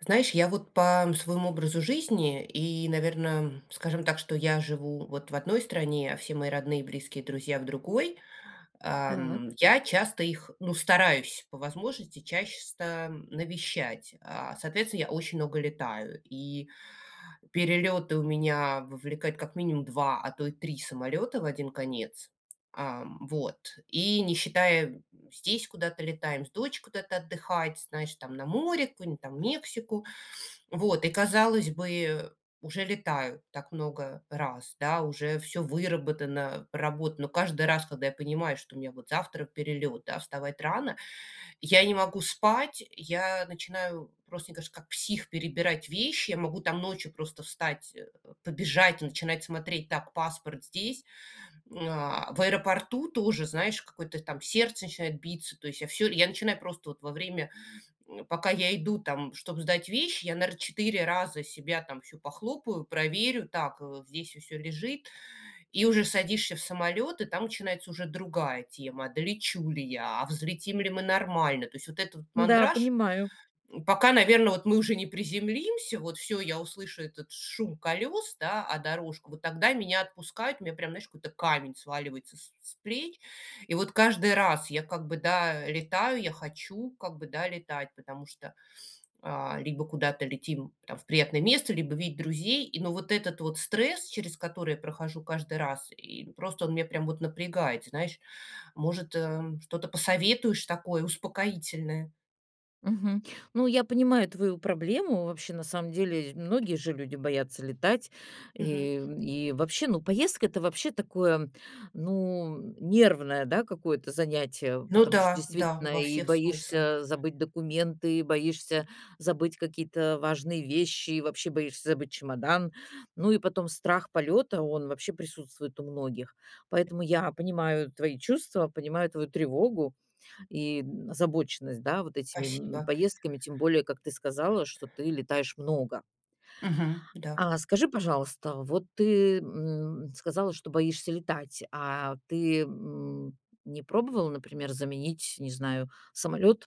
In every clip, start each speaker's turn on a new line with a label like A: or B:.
A: Знаешь, я вот по своему образу жизни и, наверно, скажем так, что я живу вот в одной стране, а все мои родные, близкие, друзья- в другой. Ам,
B: Так.
A: я часто их, ну, стараюсь, по возможности, чаще ста навещать. А, соответственно, я очень много летаю, и перелеты у меня вовлекают, как минимум, 2, а то и 3 самолета в 1 конец. А, вот. И не считая, здесь куда-то летаем с дочкой куда-то отдыхать, знаешь, там, на море, какую-нибудь там Мексику, вот. И, казалось бы, уже летаю так много раз, да, уже всё выработано, проработано. Но каждый раз, когда я понимаю, что у меня вот завтра перелет, да, вставать рано- я не могу спать. Я начинаю просто, мне кажется, как псих перебирать вещи, я могу там ночью просто встать, э, побежать, начинать смотреть: так, паспорт здесь. Э, в аэропорту тоже, знаешь, какое-то там сердце начинает биться, то есть, я всё. Я начинаю просто вот во время, пока я иду там, чтоб сдать вещи, я, наверно, 4 раза себя там всю похлопаю, проверю: так, здесь всё лежит. И уже садишься в самолет, и там начинается уже другая тема: долечу ли я, а взлетим ли мы нормально? То есть вот этот вот
B: Да,
A: мандраж,
B: понимаю.
A: пока, наверно, вот мы уже не приземлимся, вот, всё, я услышу этот шум колес, да, а дорожку, вот тогда меня отпускает, у меня прям, знаешь, какой-то камень сваливается с с плеч. И вот каждый раз я, как бы, да, летаю, я хочу, как бы, да, летать, потому что, э, либо куда-то летим там в приятное место, либо видеть друзей, и но вот этот вот стресс, через который я прохожу каждый раз, и просто он меня прям вот напрягает, знаешь. Может, эм, что-то посоветуешь такое успокоительное?
B: Мгм. Ну, я понимаю твою проблему, вообще, на самом деле, многие же люди боятся летать,
A: Мгм.
B: и и вообще, ну, поездка- это вообще такое, ну, нервное, да, какое-то занятие.
A: Ну
B: Потому что,
A: да, да,
B: действительно,
A: во
B: и
A: всех смыслах.
B: боишься забыть документы, и боишься забыть какие-то важные вещи, и вообще боишься забыть чемодан. Ну, и потом страх полёта- он вообще присутствует у многих. Поэтому я понимаю твои чувства, понимаю твою тревогу и озабоченность, да, вот этими, м,
A: Спасибо.
B: поездками, тем более, как ты сказала, что ты летаешь много.
A: Мгм. Да.
B: А скажи, пожалуйста, вот ты, м, сказала, что боишься летать, а ты, м, не пробовала, например, заменить, не знаю, самолет,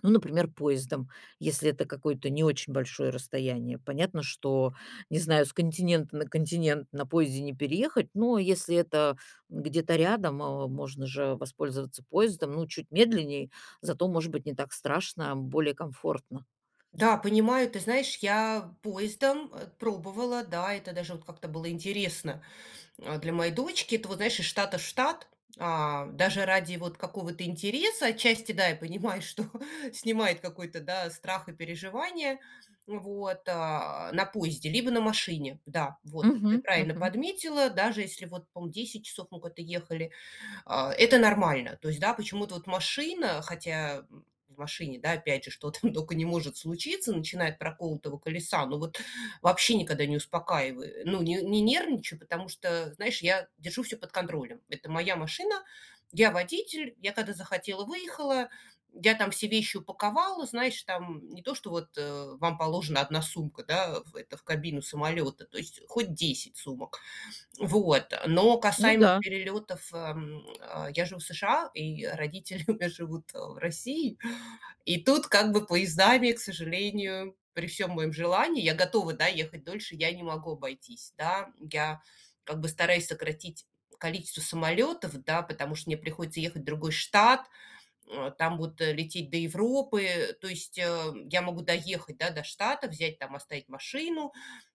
B: ну, например, поездом, если это какое-то не очень большое расстояние? Понятно, что, не знаю, с континента на континент на поезде не переехать, но если это где-то рядом, э, можно же воспользоваться поездом. Ну, чуть медленней, зато, может быть, не так страшно, более комфортно.
A: Да, понимаю, ты знаешь, я поездом, э, пробовала, да, это даже вот как-то было интересно, э, для моей дочки. Это вот, знаешь, из штата в штат. А, даже ради вот какого-то интереса, отчасти, да, я понимаю, что снимает какой-то, да, страх и переживания, вот, э, на поезде, либо на машине, да, вот, ты
B: Мгм.
A: правильно
B: Мгм.
A: подметила. Даже если вот, по-моему, 10 часов мы куда-то ехали, а, это нормально. То есть, да, почему-то вот машина, хотя, м, в машине, да, опять же, что там только не может случиться, начиная от проколотого колеса, ну, вот, вообще никогда не успокаиваю, ну, не не нервничаю, потому что, знаешь, я держу всё под контролем. Это моя машина, я водитель. Я когда захотела- выехала, я там все вещи упаковала, знаешь, там, не то, что вот, э, вам положена 1 сумка, да, в это в кабину самолета, то есть хоть 10 сумок. Вот, но
B: Ну
A: касаемо
B: да.
A: перелетов, эм, а, я живу в США, и родители у меня живут, э, в России. И тут, как бы, поездами, к сожалению, при всём моем желании я готова, да, ехать дольше, я не могу обойтись, да. Я, как бы, стараюсь сократить количество самолетов, да, потому что мне приходится ехать в другой штат, э, там вот лететь до Европы, то есть, э, я могу доехать, да, до штата, взять, там оставить машину,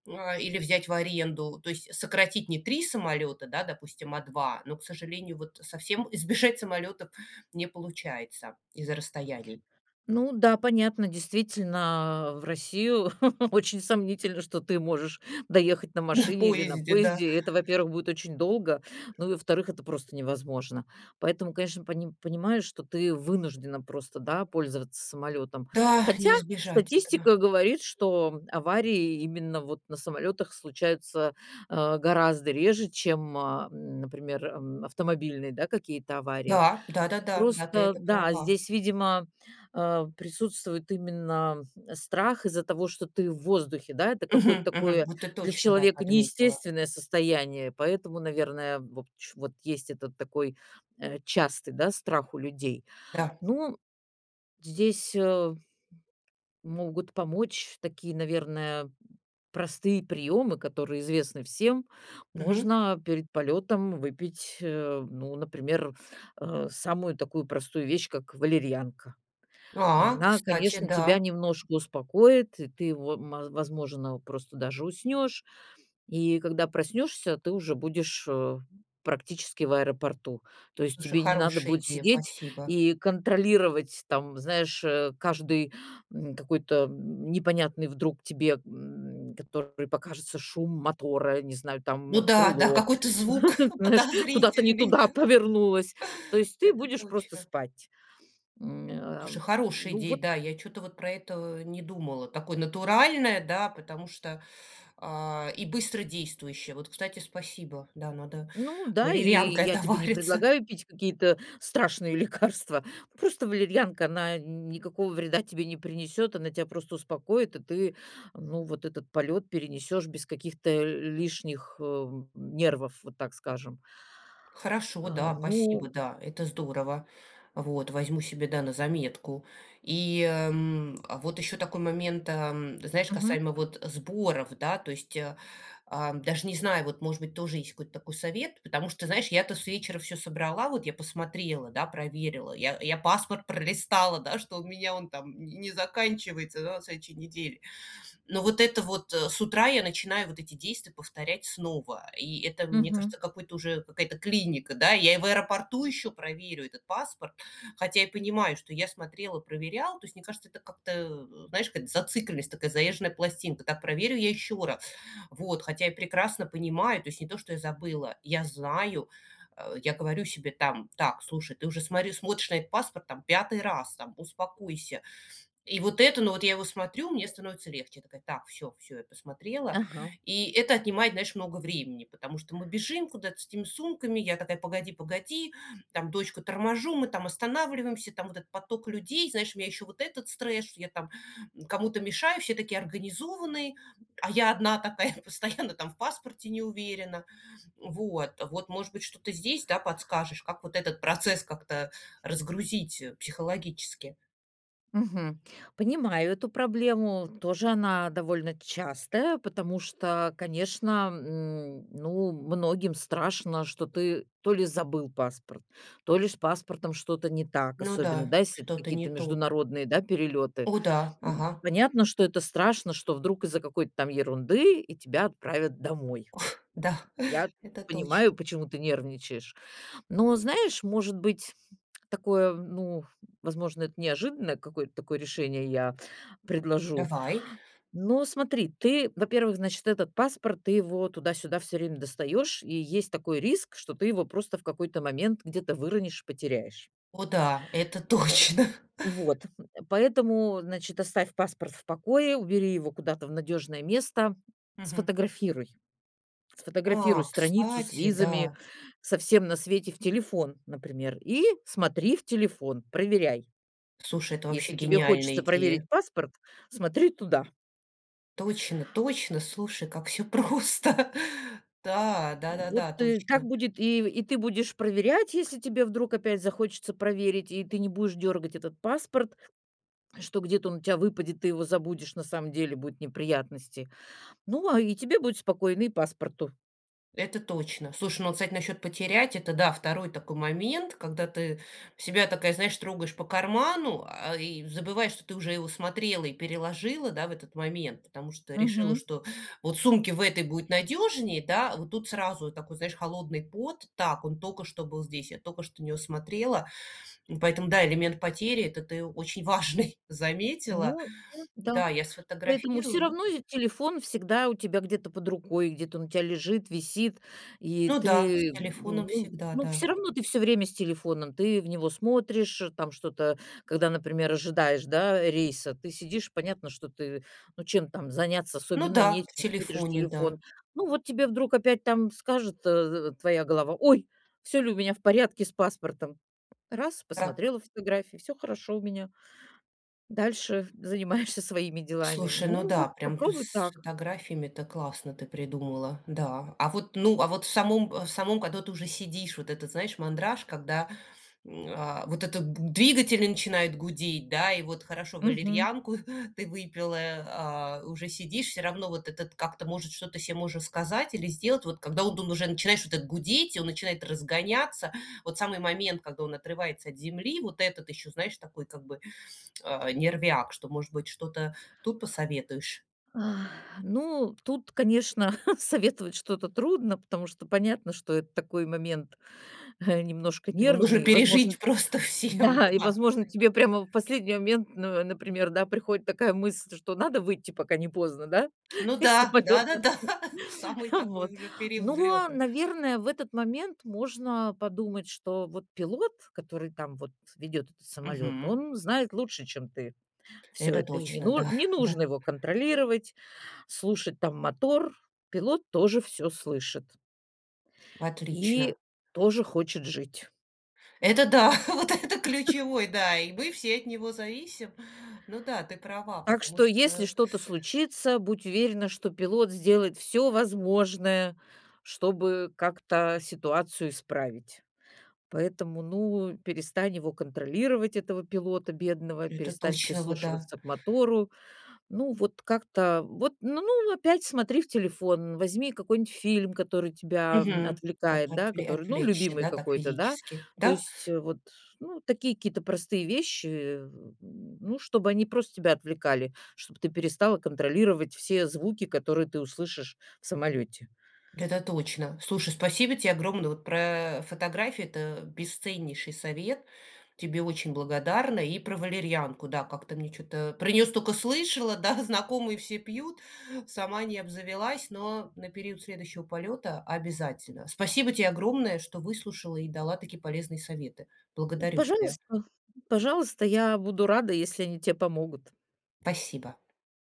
A: м, а, или взять в аренду, то есть, сократить. Не 3 самолета, да, допустим, а 2, но, к сожалению, вот совсем избежать самолетов не получается из-за расстояний.
B: Ну да, понятно. Действительно, в Россию очень сомнительно, что ты можешь доехать на
A: На
B: машине или на
A: поезде, да.
B: поезде. Это, во-первых, будет очень долго, ну и, во-вторых, это просто невозможно. Поэтому, конечно, пони понимаешь, что ты вынуждена просто, да, пользоваться самолетом.
A: Да,
B: Хотя,
A: не избежать этого.
B: статистика говорит, что аварии именно вот на самолетах случаются, э, гораздо реже, чем, э, например, м, автомобильные, да, какие-то аварии.
A: Да, да-да-да, да, ты
B: Просто,
A: это
B: да,
A: права.
B: здесь, видимо, э, присутствует именно страх, из-за того, что ты в воздухе, да, это какое-то
A: Мгм, мгм.
B: такое
A: Вот ты
B: для
A: точно, да,
B: человека
A: подметила.
B: неестественное состояние, поэтому, наверное, вот ч вот есть этот такой, э, частый, да, страх у людей.
A: Да.
B: Ну. Здесь, э, могут помочь такие, наверное, простые приемы, которые известны всем.
A: Мгм.
B: Можно перед полетом выпить, э, ну, например, э, самую такую простую вещь, как валерьянка. И
A: А,
B: она,
A: кстати,
B: конечно, тебя
A: да.
B: немножко успокоит, и ты во ма возможно, просто даже уснешь. И когда проснешься, ты уже будешь, э, практически в аэропорту. То есть
A: Слушай,
B: тебе не надо
A: хорошая
B: будет
A: идея,
B: сидеть
A: спасибо.
B: и контролировать, там, знаешь, э, каждый, м, какой-то н непонятный вдруг тебе, м, который покажется шум мотора, не знаю,
A: Ну
B: там,
A: да, да,
B: крыло,
A: какой-то звук
B: знаешь, куда-то не
A: подозрительный.
B: туда повернулось. То есть ты
A: Это
B: будешь просто
A: точно.
B: спать. Ме а,
A: Слушай, хорошая
B: ну
A: идея,
B: вот
A: да, я чё-то вот про это не думала, такое натуральное, да, потому что, а, и быстродействующее. Вот, кстати, спасибо, да, надо
B: Ну да, и
A: валерьянкой
B: я тебе не
A: отовариться.
B: предлагаю пить какие-то страшные лекарства. Просто валерьянка, она никакого вреда тебе не принесет, она тя просто успокоит, и ты, ну, вот этот полет перенесешь без каких-то лишних, э, нервов, вот так скажем.
A: Хорошо,
B: А,
A: да, спасибо,
B: ну
A: да, это здорово. Вот. Возьму себе, да, на заметку. И, эм, вот еще такой момент, эм, знаешь,
B: Мгм.
A: касаемо вот сборов, да, то есть, а, а, даже не знаю вот, может быть, тоже есть какой-то такой совет. Потому что, знаешь, я-то с вечера всё собрала, вот я посмотрела, да, проверила, я я паспорт пролистала, да, что у меня он там не не заканчивается, да, на следующей неделе. Но вот это вот, э, с утра я начинаю вот эти действия повторять снова, и это, мне
B: Мгм.
A: кажется, какое-то уже какая-то клиника, да, я и в аэропорту еще проверю этот паспорт, хотя я понимаю, что я смотрела, проверяла, то есть, мне кажется, это как-то, н знаешь, какая-то зацикленность, такая заезженная пластинка: так проверю я еще раз, вот. Хотя я прекрасно понимаю, то есть, не то, что я забыла, я знаю, э, я говорю себе там: так, слушай, ты уже смотри смотришь на этот паспорт, там, 5 раз, там, успокойся. И вот это, ну, вот я его смотрю, мне становится легче, я такая: так, всё всё, я посмотрела.
B: Ага.
A: И это отнимает, знаешь, много времени. Потому что мы бежим куда-то с этими сумками, я такая: "Погоди-погоди"- там дочку торможу, мы там останавливаемся, там вот этот поток людей, знаешь, у меня еще вот этот стресс, что я там кому-то мешаю, все такие организованные, а я одна такая постоянно там в паспорте не уверена, вот. Вот, может быть, что-то здесь, да, подскажешь, как вот этот процесс как-то разгрузить, э, психологически.
B: Мгм. Понимаю эту проблему, тоже она довольно частая, потому что, конечно, м, ну, многим страшно, что ты то ли забыл паспорт, то ли с паспортом что-то не так,
A: Ну
B: особенно,
A: да,
B: да, если это
A: что-то не
B: какие-то
A: то.
B: международные, да, перелеты.
A: О да,
B: Н
A: ага.
B: понятно, что это страшно, что вдруг из-за какой-то там ерунды и тебя отправят домой.
A: Уф. Да,
B: Я
A: это
B: понимаю,
A: точно.
B: почему ты нервничаешь, но, знаешь, может быть, такое, ну, возможно, это неожиданное какое-то такое решение я предложу.
A: Давай.
B: Но смотри, ты, во-первых, значит, этот паспорт- ты его туда-сюда всё время достаешь, и есть такой риск, что ты его просто в какой-то момент где-то выронишь и потеряешь.
A: О да, это точно.
B: Вот, м, поэтому, значит, оставь паспорт в покое, убери его куда-то в надежное место,
A: Мгм.
B: сфотографируй.
A: А,
B: Фотографируй страницу с
A: кстати,
B: визами,
A: да!
B: со всем на свете в телефон, например, и смотри в телефон, проверяй.
A: Слушай, это вообще
B: Если тебе
A: гениальная
B: хочется проверить
A: идея.
B: паспорт- смотри туда.
A: Точно, точно, слушай, как всё просто. Да,
B: Вот,
A: да-да-да,
B: и так
A: точно.
B: будет, и и ты будешь проверять, если тебе вдруг опять захочется проверить, и ты не будешь дергать этот паспорт, что где-то он у тебя выпадет, ты его забудешь, на самом деле будут неприятности. Ну, а, и тебе будет спокойно, и паспорту.
A: Это точно. Слушай, ну вот, кстати, насчет потерять- это да, 2 такой момент, когда ты себя такая, знаешь, такая трогаешь по карману, а, и забываешь, что ты уже его смотрела и переложила, да, в этот момент, потому что решила,
B: Мгм.
A: что вот сумке в этой будет надежнее, да, а вот тут сразу такой, знаешь, холодный пот: так, он только что был здесь, я только что на него смотрела. И поэтому да, элемент потери- это ты очень важный, заметила.
B: Ну, ну да.
A: Да, я
B: Поэтому
A: сфотографирую
B: всё
A: и
B: равно ведь телефон всегда у тебя где-то под рукой, где-то он у тя лежит, висит, и
A: Ну да, с
B: ты,
A: телефоном
B: ну
A: всегда,
B: ну всё
A: да.
B: равно ты всё время с телефоном, ты в него смотришь там что-то, когда, например, ожидаешь, да, рейса, ты сидишь, понятно, что ты, ну, чем там заняться?
A: Ну
B: Особенно
A: да, в
B: нечем, смотришь
A: телефоне,
B: телефон.
A: да.
B: Ну вот тебе вдруг опять там скажет, э, в в твоя голова: "Ой! Всё ли у меня в порядке с паспортом?" Раз-
A: Ра
B: посмотрела фотографии, всё хорошо у меня. Дальше занимаешься своими делами.
A: Слушай, ну
B: Ну,
A: да,
B: вот
A: прям, ну,
B: попробуй
A: с
B: так.
A: фотографиями- это классно ты придумала, да. А вот, ну, а вот в самом в самом, когда ты уже сидишь, вот этот, знаешь, мандраж, когда, м, а, вот этот двигатели начинают гудеть, да. И вот хорошо,
B: Мгм.
A: валерьянку ты выпила, а уже сидишь, всё равно вот этот как-то, может, что-то се можно сказать или сделать, вот когда он уже начинаешь вот так гудеть, и он начинает разгоняться, вот самый момент, когда он отрывается от земли, вот этот еще, знаешь, такой как бы, э, нервяк, что, может быть, что-то тут посоветуешь?
B: Ну, тут, конечно, советовать что-то трудно, потому что понятно, что это такой момент немножко
A: Его нужно
B: нервный, возможно
A: пережить просто всем.
B: да, и,
A: Да. Вот
B: возможно,
A: таких
B: тебе прямо в последний момент, н например, да, приходит такая мысль, что надо выйти, пока не поздно, да,
A: Ну
B: из
A: да,
B: самолета?
A: да-да-да, самый такой
B: Вот,
A: уже период
B: но,
A: взлета.
B: наверное, в этот момент можно подумать, что вот пилот, который там вот ведет этот самолет,
A: Мгм.
B: он знает лучше, чем ты всё
A: Это
B: это, и не
A: точно,
B: ну
A: да,
B: не
A: да.
B: нужно его контролировать, слушать там мотор. Пилот тоже всё слышит.
A: Отлично.
B: И тоже хочет жить.
A: Это да, вот это ключевой, да, и мы все от него зависим. Ну да, ты права,
B: Так
A: потому
B: что, если
A: что
B: что-то случится, будь уверена, что пилот сделает всё возможное, чтобы как-то ситуацию исправить. Поэтому, ну, перестань его контролировать, этого пилота бедного,
A: Это
B: перестань
A: точно вот, да.
B: прислушиваться к мотору. Ну, вот как-то вот, ну ну, опять смотри в телефон, возьми какой-нибудь фильм, который тебя, м,
A: Мгм. Ото
B: отвлекает,
A: от
B: да, который, ну,
A: отвлечься,
B: любимый
A: да, так
B: какой-то, да.
A: физически,
B: То
A: да?
B: есть вот, ну, такие какие-то простые вещи, ну, чтобы они просто тебя отвлекали, чтоб ты перестала контролировать все звуки, которые ты услышишь в самолете.
A: Это точно! Слушай, спасибо те огромное, вот про, э, фотографии- это бесценнейший совет! Тебе очень благодарна и про валерьянку, да. Как-то мне чё-то про нее столько слышала, да, знакомые все пьют. Сама не обзавелась, но на период следующего полета- обязательно! Спасибо те огромное, что выслушала и дала такие полезные советы. Благодарю тебя.
B: Пожалуйста. Пожалуйста. Я буду рада, если они те помогут.
A: Спасибо!